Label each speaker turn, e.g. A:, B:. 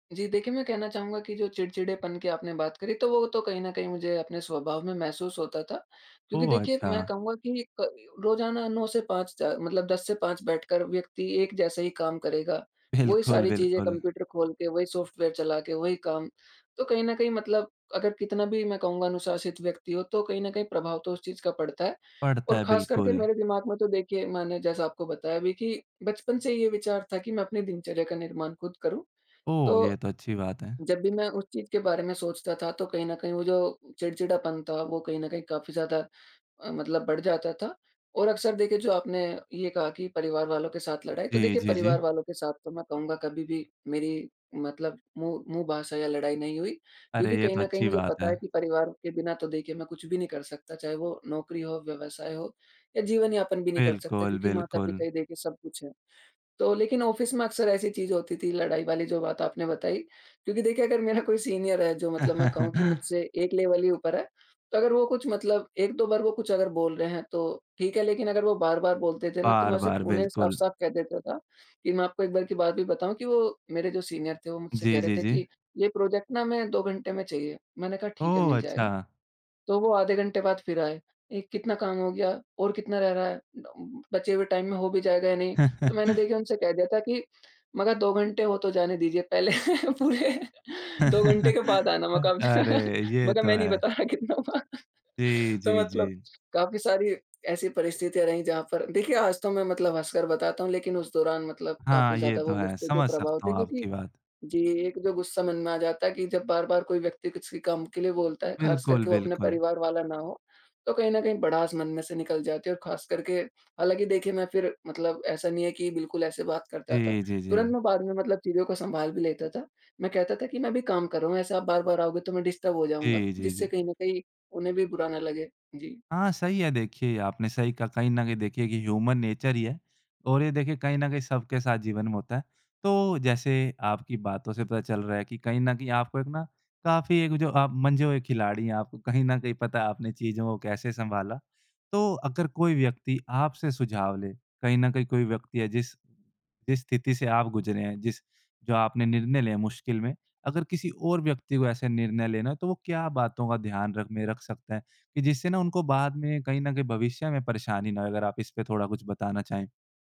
A: जी, देखिए, मैं कहना चाहूँगा कि जो चिड़चिड़ेपन की आपने बात करी, तो वो तो कहीं न कहीं मुझे अपने स्वभाव में महसूस होता था। क्योंकि
B: ओह!
A: देखिए, मैं
B: अच्छा।
A: कहूँगा कि क रोज़ाना 9 से 5 च मतलब 10 से 5 बैठकर व्यक्ति एक जैसा ही काम करेगा, वही
B: बिल्कुल,
A: सारी चीज़ें,
B: बिल्कुल।
A: कंप्यूटर खोल के, वही सॉफ्टवेयर चला के, वही काम, तो कहीं न कहीं मतलब अगर कितना भी, मैं कहूँगा, अनुशासित व्यक्ति हो, तो कहीं न कहीं प्रभाव तो उस चीज़ का पड़ता है।
B: पड़ता
A: और
B: है,
A: खासकर के
B: बिल्कुल।
A: मेरे दिमाग में तो, देखिए, मैंने जैसा आपको बताया अभी कि बचपन से ये विचार था कि मैं अपनी दिनचर्या का निर्माण खुद करूँ।
B: ओह! ये
A: तो
B: तो अच्छी बात है।
A: जब भी मैं उस चीज़ के बारे में सोचता था, तो कहीं न कहीं वो जो चिड़चिढ़ापन था, वो कहीं न कहीं काफ़ी ज़्यादा अ, मतलब बढ़ जाता था। और अक्सर, देखिए, जो आपने ये कहा कि परिवार वालों के साथ लड़ाई, तो
B: जी,
A: देखिए,
B: जी, जी।
A: परिवार वालों के साथ तो, मैं कहूँगा, कभी भी मेरी मतलब मुँह मुँह भाषा या लड़ाई नहीं हुई। क्योंकि
B: अरे! ये
A: कहीं
B: तो
A: न कहीं
B: अच्छी
A: मुझे
B: बात
A: पता
B: है।
A: है कि परिवार के बिना तो, देखिए, मैं कुछ भी नहीं कर सकता, चाहे वो नौकरी हो, व्यवसाय हो, या जीवन यापन भी नहीं कर सकता,
B: बिल्कुल,
A: क्योंकि
B: बिल्कुल।
A: माता-पिता ही देखिए सब कुछ हैं। तो लेकिन ऑफ़िस में अक्सर ऐसी चीज़ होती थी, लड़ाई वाली जो बात आपने बताई। क्योंकि देखिए, अगर मेरा कोई सीनियर है, जो मतलब मैं कहूँ कि मुझसे एक लेवल ही ऊपर है, तो अगर वो कुछ मतलब 1-2 बार वो कुछ अगर बोल रहे हैं, तो ठीक है, लेकिन अगर वो बार-बार बोलते थे ना, तो मैं उसे क
B: बार-बार,
A: उन्हें
B: बिल्कुल।
A: साफ-साफ कह देता था, कि मैं आपको एक बार की बात भी बताऊँ कि वो मेरे जो सीनियर थे, वो मुझसे कह
B: जी,
A: रहे
B: जी,
A: थे
B: जी।
A: कि, "ये प्रोजेक्ट ना हमें 2 घंटे में चाहिए।" मैंने कहा, "ठीक है, मिल
B: ओह!
A: जाएगा।"
B: अच्छा।
A: तो वो आधे घंटे बाद फिर आए, "ए कितना काम हो गया? और कितना रह रहा है? बचे हुए टाइम में हो भी जायेगा या नहीं?" तो मैंने, देखिए, उनसे कह दिया था कि मगर 2 घंटे हो तो जाने दीजिये पहले पूरे। 2 घंटे के बाद आना।" मैं कहा, अब
B: अरे!
A: मैं
B: ये
A: कहा,
B: तो
A: "मैं नहीं
B: है।
A: बता रहा, कितना हुआ।
B: जी,
A: "तो
B: जी,
A: मतलब
B: जी।
A: काफ़ी सारी ऐसी परिस्थितियाँ रहीं, जहाँ पर देखिए, आज तो मैं मतलब हँसकर बताता हूँ, लेकिन उस दौरान मतलब काफ़ी
B: हाँ, ये
A: ज़्यादा
B: तो
A: वो
B: है।
A: गुस्से के
B: समझ
A: प्रभाव
B: सकता
A: थे,
B: हूँ
A: क्योंकि
B: आपकी बात।
A: जी, एक जो गुस्सा मन में आ जाता है कि जब बार-बार कोई व्यक्ति किसी काम के लिए बोलता है, ख़ासकर
B: बिल्कुल,
A: के वो अपने
B: बिल्कुल।
A: परिवार वाला ना हो, तो कहीं न कहीं भड़ास मन में से निकल जाती है, और ख़ासकर के हालाँकि देखिए, मैं फिर, मतलब ऐसा नहीं है कि बिल्कुल ऐसे बात करता था।
B: जी, जी,
A: तुरंत
B: जी।
A: मैं बाद में मतलब चीज़ों को संभाल भी लेता था। मैं कहता था कि, "मैं अभी काम कर रहा हूँ। ऐसे आप बार-बार आओगे, तो मैं डिस्टर्ब हो जाऊँगा।"
B: जी, जी,
A: जिससे
B: जी।
A: कहीं न कहीं, उन्हें भी बुरा ना लगे। जी।
B: हाँ, सही है। देखिए, ये आपने सही कहा। कहीं न कहीं, देखिए कि ह्यूमन नेचर ही है, और ये देखिए, कहीं न कहीं सबके साथ जीवन में होता है। तो जैसे आपकी बातों से पता चल रहा है कि कहीं न कहीं, आपको एक ना, काफ़ी एक जो आप मंझे हुए खिलाड़ी हैं। आपको कहीं न कहीं पता है, आपने चीज़ों को कैसे संभाला। तो अगर कोई व्यक्ति आपसे सुझाव ले, कहीं न कहीं कोई व्यक्ति है, जिस जिस स्थिति से आप गुज़रे हैं, जिस जो आपने निर्णय लिए हैं मुश्किल में, अगर किसी और व्यक्ति को ऐसे निर्णय लेना है, तो वो क्या बातों का ध्यान रखने रख सकते हैं, कि जिससे ना, उनको बाद में कहीं न कहीं भविष्य में परेशानी ना हो? अगर आप इसपे थोड़ा कुछ बताना चाहें।